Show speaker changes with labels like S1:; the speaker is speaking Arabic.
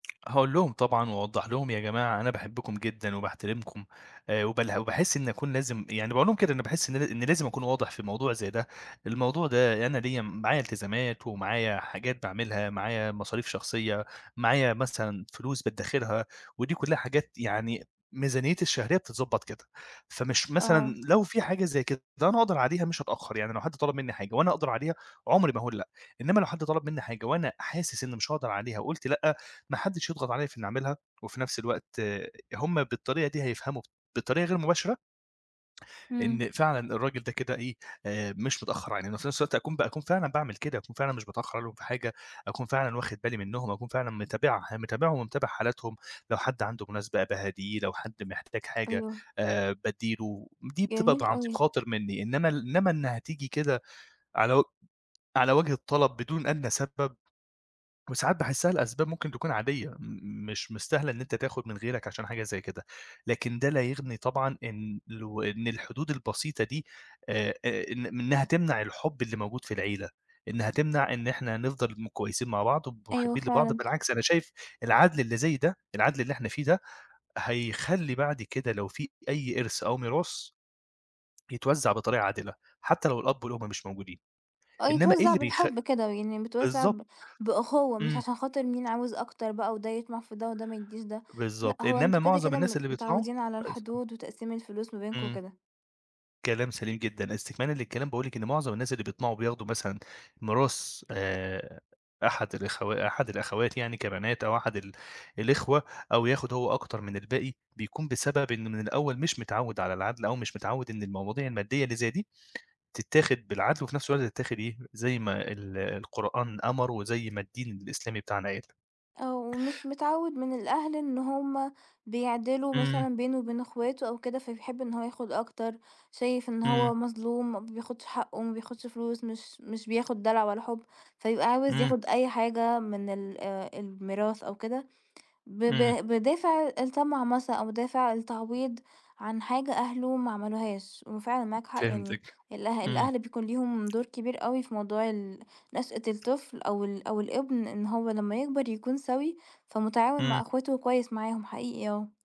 S1: هاقول لهم طبعًا وأوضّح لهم، يا جماعة أنا باحبكم جدًا وباحترمكم آآ وبالها وباحس إنّي أكون لازم يعني باقول لهم كده، أنا باحس إن أنا إن لازم أكون واضح في الموضوع زي ده. الموضوع ده أنا ليّا م معايا التزامات ومعايا حاجات بأعملها، معايا مصاريف شخصية، معايا مثلًا فلوس بأدّخِرها. ودي كُلّها حاجات يعني ميزانيتي الشهرية بتتضبّط كده. فمش مثلًا
S2: آه.
S1: لو في حاجة زي كده ده أنا أقدر عليها، مش هاتأخّر. يعني لو حد طلب منّي حاجة وأنا أقدر عليها، عمُري ما هاقول لأ. إنّما لو حد طلب منّي حاجة وأنا حاسس إنّي مش هأقدر عليها وقُلت لأ، ما حدّش يضغط عليَّ في إنّي أعملها وفي نفس الوقت هم بالطريقة دي هيفهموا بطريقة غير مباشرة
S2: إمم.
S1: إن فعلًا الراجل ده كده إيه، آآ مش متأخّر عنّنا. وفي نفس الوقت أكون ب أكون فعلًا باعمل كده. أكون فعلًا مش باتأخّر عليهم في حاجة، أكون فعلًا واخد بالي منّهم، وأكون فعلًا متابعه متابعهم ومتابع حالاتهم. لو حد عنده مناسبة، باهاديه، لو حد محتاج حاجة
S2: أيوه.
S1: آآ بادّي له. ودي بتبقى
S2: جميل
S1: عن طِيب
S2: أوي.
S1: بخاطر منّي، إنّما ال إنّما إنّها تيجي كده على وج على وجه الطلب بدون أدنى سبب، وساعات باحسّها لأسباب ممكن تكون عادية م مش مستاهلة إن أنت تاخد من غيرك عشان حاجة زي كده. لكن ده لا يغني طبعًا إن لو إن الحدود البسيطة دي آآ أ إن إنّها تمنع الحب اللي موجود في العيلة. إنّها تمنع إن إحنا نفضل م كويسين مع بعض وب
S2: أيوه
S1: مُحبّين لبعض
S2: فعلًا.
S1: بالعكس، أنا شايف العدل اللي زي ده، العدل اللي إحنا فيه ده، هيخلّي بعد كده لو في أي إرث أو ميراث، يتوزّع بطريقة عادلة حتّى لو الأب والأم مش موجودين.
S2: آه
S1: إنّما إيه
S2: يتوزّع
S1: اللي بيخ
S2: بالحب كده. ويعني متوزّع ب
S1: بالضبط.
S2: بأُخُوّة، مش
S1: إمم.
S2: عشان خاطر مين عاوز أكتر بقى وده يطمع في ده وده ما يدّيش ده. لأ
S1: بالضبط.
S2: هو
S1: إنّما
S2: أنتم كده،
S1: معظم
S2: كده م
S1: الناس اللي بيطمعوا
S2: متعوّدين على
S1: كويس آه.
S2: الحدود وتقسيم الفلوس ما بينكم
S1: إمم.
S2: وكده.
S1: كلام سليم جدًا. إستكمالًا للكلام، باقول لِك إن معظم الناس اللي بيطمعوا بياخدوا مثلًا ميراث آآ أحد الأخوا أحد الأخوات يعني كبنات أو أحد ال الإخوة أو ياخد هو أكتر من الباقي، بيكون بسبب إن من الأول مش متعوّد على العدل أو مش متعوّد إن المواضيع المادّية اللي زي دي تتّاخِد بالعدل وفي نفس الوقت تتاخِد إيه، زي ما ال القرآن أمَر وزي ما الدين الإسلامي بتاعنا قال.
S2: آه. ومش متعوّد من الأهل إن هم بيعدِلوا
S1: إمم.
S2: مثلًا بينه وبين إخواته أو كده، فبيحب إن هو ياخد أكتر. شايف إن
S1: إمم.
S2: هو مظلوم، ما بياخدش حقّه، ما بياخدش فلوس، مش مش بياخد دلع ولا حُب، فيبقى عاوز
S1: إمم.
S2: ياخد أي حاجة من ال آآ الميراث أو كده، ب ب
S1: إمم.
S2: بِدافع الطمع مث أو بِدافع التعويض عن حاجة أهله ما عملوهاش. وفعلًا معاك حق. يعني
S1: فهمتِك.
S2: الأه
S1: إمم.
S2: الأهل بيكون ليهم دور كبير أوي في موضوع ال نشأة الطفل أو ال أو الابن إن هو لمّا يكبر يكون سَوِي، فمُتعاون مع
S1: إمم.
S2: إخواته وكويس معاهم حقيقي آه.